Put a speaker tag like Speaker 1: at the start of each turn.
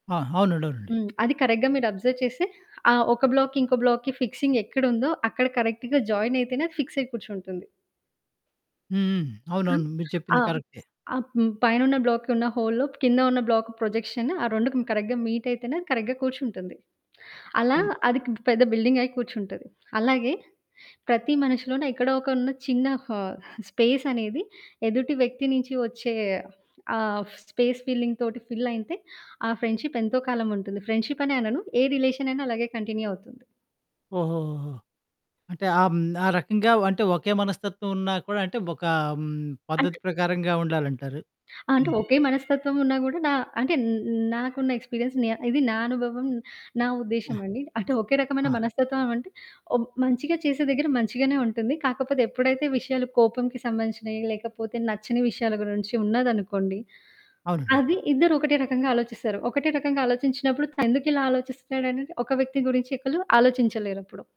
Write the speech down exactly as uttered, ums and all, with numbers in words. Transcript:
Speaker 1: ఆ! అవునండి. అవునండి.
Speaker 2: హ్మ్. అది కరెక్ట్‌గా మీరు అబ్జర్వ్ చేస్తే ఆ ఒక బ్లాక్‌కి ఇంకో బ్లాక్‌కి ఫిక్సింగ్ ఎక్కడుందో అక్కడ కరెక్ట్‌గా జాయిన్ అయితేనే అది ఫిక్సయి కూర్చుంటుంది.
Speaker 1: హ్మ్. హ్మ్.
Speaker 2: హ్మ్.
Speaker 1: అవునవును. మీరు
Speaker 2: ఆ!
Speaker 1: చెప్పింది కరెక్టే.
Speaker 2: ఆహ్, హ్మ్, పైనున్న బ్లాక్‌కి ఉన్న హోల్‌లో కింద ఉన్న బ్లాక్ ప్రొజెక్షన్ ఆ రెండుకి కరెక్ట్‌గా మీట్ అయితేనే కరెక్ట్‌గా కూర్చుంటుంది. అలా
Speaker 1: హ్మ్.
Speaker 2: అదికింక పెద్ద బిల్డింగ్ అయ్యి కూర్చుంటది. అలాగే ప్రతి మనిషిలోనూ ఎక్కడో ఒక ఉన్న చిన్న హా స్పేస్ అనేది ఎదుటి వ్యక్తి నుంచి వచ్చే ఆహ్, ఫ్ స్పేస్ ఫిల్లింగ్‌తోటి ఫిల్ అయితే ఆ ఫ్రెండ్‌షిప్ ఎంతో కాలముంటుంది. ఫ్రెండ్‌షిప్ అనే అనను. ఏ రిలేషన్ అయినా అలాగే కంటిన్యూ అవుతుంది.
Speaker 1: ఓహోహోహో! అంటే ఆహ్, హ్మ్, ఆ రకంగా వ్ అంటే ఒకే మనస్తత్వం ఉన్నా కూడా అంటే ఒక హ్మ్,
Speaker 2: అంట్
Speaker 1: పద్ధతి ప్రకారంగా ఉండాలంటారు
Speaker 2: అంటే
Speaker 1: మీరు.
Speaker 2: ఒకే మనస్తత్వం ఉన్న గూడా డా అంటే న్ న్ నాకున్న ఎక్స్పీరియన్స్ నే ఇది నా అనుభవం నా
Speaker 1: ఆ!
Speaker 2: ఉద్దేశ్యమండి. అంటే ఒకే రకమైన
Speaker 1: ఆ!
Speaker 2: మనస్తత్వం అంటే ఓ మంచిగా చేసే దగ్గర మంచిగానే ఉంటుంది. కాకపోతే ఎప్పుడైతే విషయాలు కోపంకి సంబంధించినవి లేకపోతే, నచ్చని విషయాల గురించి ఉన్నదనుకోండి,
Speaker 1: అవునండీ.
Speaker 2: అది ఇద్దరు ఒకటే రకంగా ఆలోచిస్తారు. ఒకటే రకంగా ఆలోచించినప్పుడు తను ఎందుకిలా ఆలోచిస్తున్నాడనేది ఒక వ్యక్తి గురించి ఒకలు ఆలోచించలేరప్పుడు.